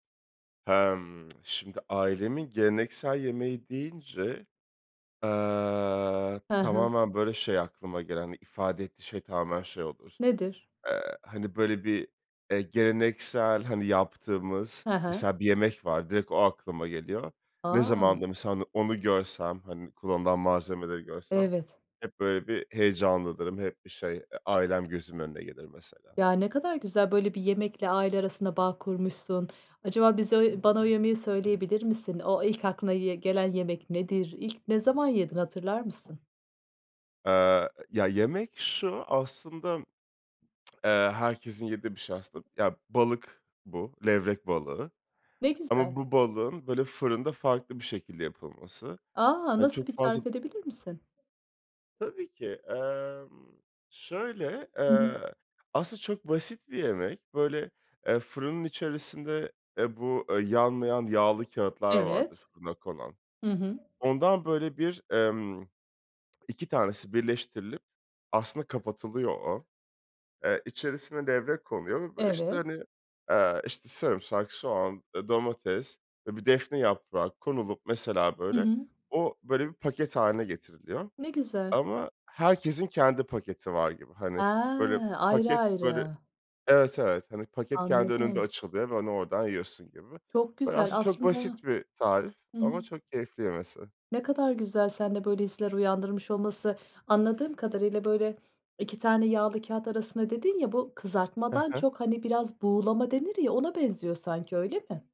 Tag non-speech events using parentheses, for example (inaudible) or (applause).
Emm, (tsk) şimdi ailemin geleneksel yemeği deyince, eee, Hı hı. tamamen, böyle, şey aklıma gelen, ifade ettiği şey tamamen şey olur, Nedir? eee, hani, böyle, bir, eee, geleneksel, hani, yaptığımız, Hı hı. mesela bir yemek var, direkt o aklıma geliyor. Ne zaman A! da mesela on onu görsem, hani, kullanılan malzemeleri görsem Evet. hep böyle bir heyecanlanırım, hep bir şey, eee, ailem gözümün önüne gelir, mesela. Ya, ne kadar güzel, böyle, bir yemekle aile arasında bağ kurmuşsun. Acaba bize ö bana o yemeği söyleyebilir misin? O ilk aklına ye gelen yemek nedir? İlk ne zaman yedin hatırlar mısın? Eee, ya yemek şu, aslında, (smacks lips) eee, herkesin yediği bir şey aslında. Ya balık bu, levrek balığı. Ne güzel. Ama bu balığın böyle fırında farklı bir şekilde yapılması. A, He, nasıl çok bir fazla tarif edebilir misin? Tabii ki, emm, şöyle, Hı hı. eee, aslında çok basit bir yemek. Böyle, eee, fırının içerisinde, e, bu yanmayan yağlı kâğıtlar vardır, Evet. fırına konan. Hı hı. Ondan böyle bir, emm, 2 tanesi birleştirilip, aslında kapatılıyor o, eee, içerisine levrek konuyor ve, böyle, işte, Evet. hani, eee, işte, sarımsak, soğan, eee, domates ve bir defne yaprağı konulup, mesela, Hı böyle, hı. o, böyle, bir paket hâline getiriliyor Ne güzel. ama herkesin kendi paketi var gibi. Hani, böyle, Ha, ayrı paket böyle, ayrı. evet, evet, hani, paket kendi önünde Anladım. açılıyor ve onu oradan yiyorsun gibi. Çok Böyle, güzel aslında çok aslında basit bir tarif Hı hı. ama çok keyifli yemesi. Ne kadar güzel seninle böyle hisler uyandırmış olması. Anladığım kadarıyla, böyle 2 tane yağlı kâğıt arasında dedin ya, bu Hı kızartmadan hı. çok, hani, biraz buğulama denir ya, ona benziyor sanki, öyle mi?